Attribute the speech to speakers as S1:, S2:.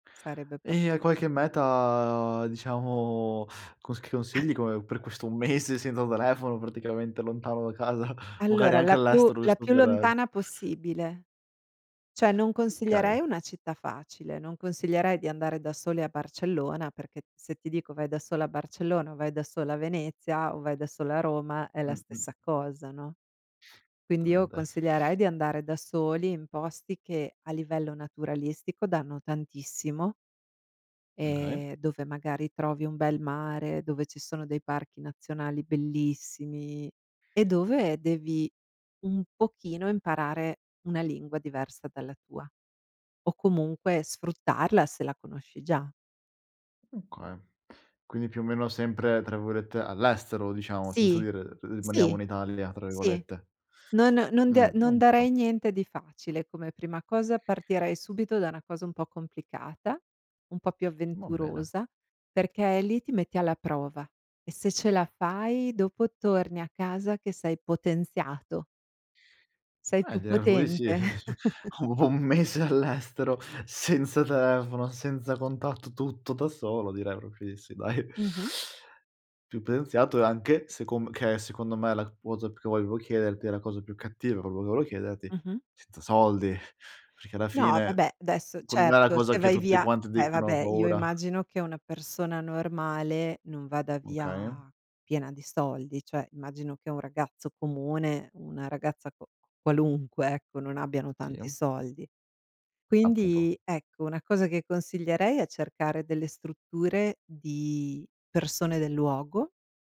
S1: Sarebbe
S2: E
S1: proprio
S2: hai qualche
S1: [unintelligible]
S2: meta diciamo, cons che consigli come per questo mese senza telefono praticamente lontano da casa. Magari
S1: Allora
S2: anche
S1: la più
S2: all'estero
S1: la
S2: giusto
S1: più
S2: per
S1: lontana possibile. Cioè, non consiglierei
S2: Okay.
S1: una città facile, non consiglierei di andare da soli a Barcellona, perché se ti dico vai da solo a Barcellona o vai da solo a Venezia o vai da solo a Roma è la
S2: Mh-mh.
S1: stessa cosa, no. Quindi io
S2: Giustamente.
S1: consiglierei di andare da soli in posti che a livello naturalistico danno tantissimo.
S2: Mh, okay.
S1: Ehm, dove magari trovi un bel mare, dove ci sono dei parchi nazionali bellissimi, e dove devi un pochino imparare una lingua diversa dalla tua, o comunque sfruttarla se la conosci già.
S2: Okay, quindi più o meno sempre tra virgolette "all'estero" diciamo, senza
S1: Sì.
S2: dire "r rimaniamo
S1: Sì.
S2: in Italia" tra
S1: Sì.
S2: virgolette.
S1: Non non da
S2: Mh,
S1: non
S2: oka
S1: darei niente di facile come prima cosa, partirei subito da una cosa un po' complicata, un po' più
S2: Va bene.
S1: avventurosa, perché lì ti metti alla prova, e se ce la fai dopo torni a casa che sei potenziato. Sei
S2: Eh,
S1: più
S2: direi proprio di sì. Eh-eh,
S1: potente.
S2: cioè: ho ho un mese all'estero, senza telefono, senza contatto, tutto da solo direi proprio di sì, dai.
S1: Mh-mh.
S2: Più pena iniziato e anche, secom che è secondo me la cosa che volevo chiederti, è la cosa più cattiva quello che volevo chiederti,
S1: Mh-mh.
S2: senza soldi. Perché alla
S1: No,
S2: fine
S1: vabbè adesso,
S2: con la
S1: certo,
S2: cosa
S1: se
S2: che
S1: vai
S2: tutti
S1: via
S2: quanti
S1: eh
S2: dicono: "Ho
S1: vabbè, io
S2: paura".
S1: immagino che una persona normale non vada
S2: Okay.
S1: via piena di soldi, cioè immagino che un ragazzo comune, una ragazza qua qualunque, ecco, non abbiano tanti
S2: Sì.
S1: soldi.
S2: Appunto.
S1: Quindi ecco, una cosa che consiglierei è cercare delle strutture di persone del luogo.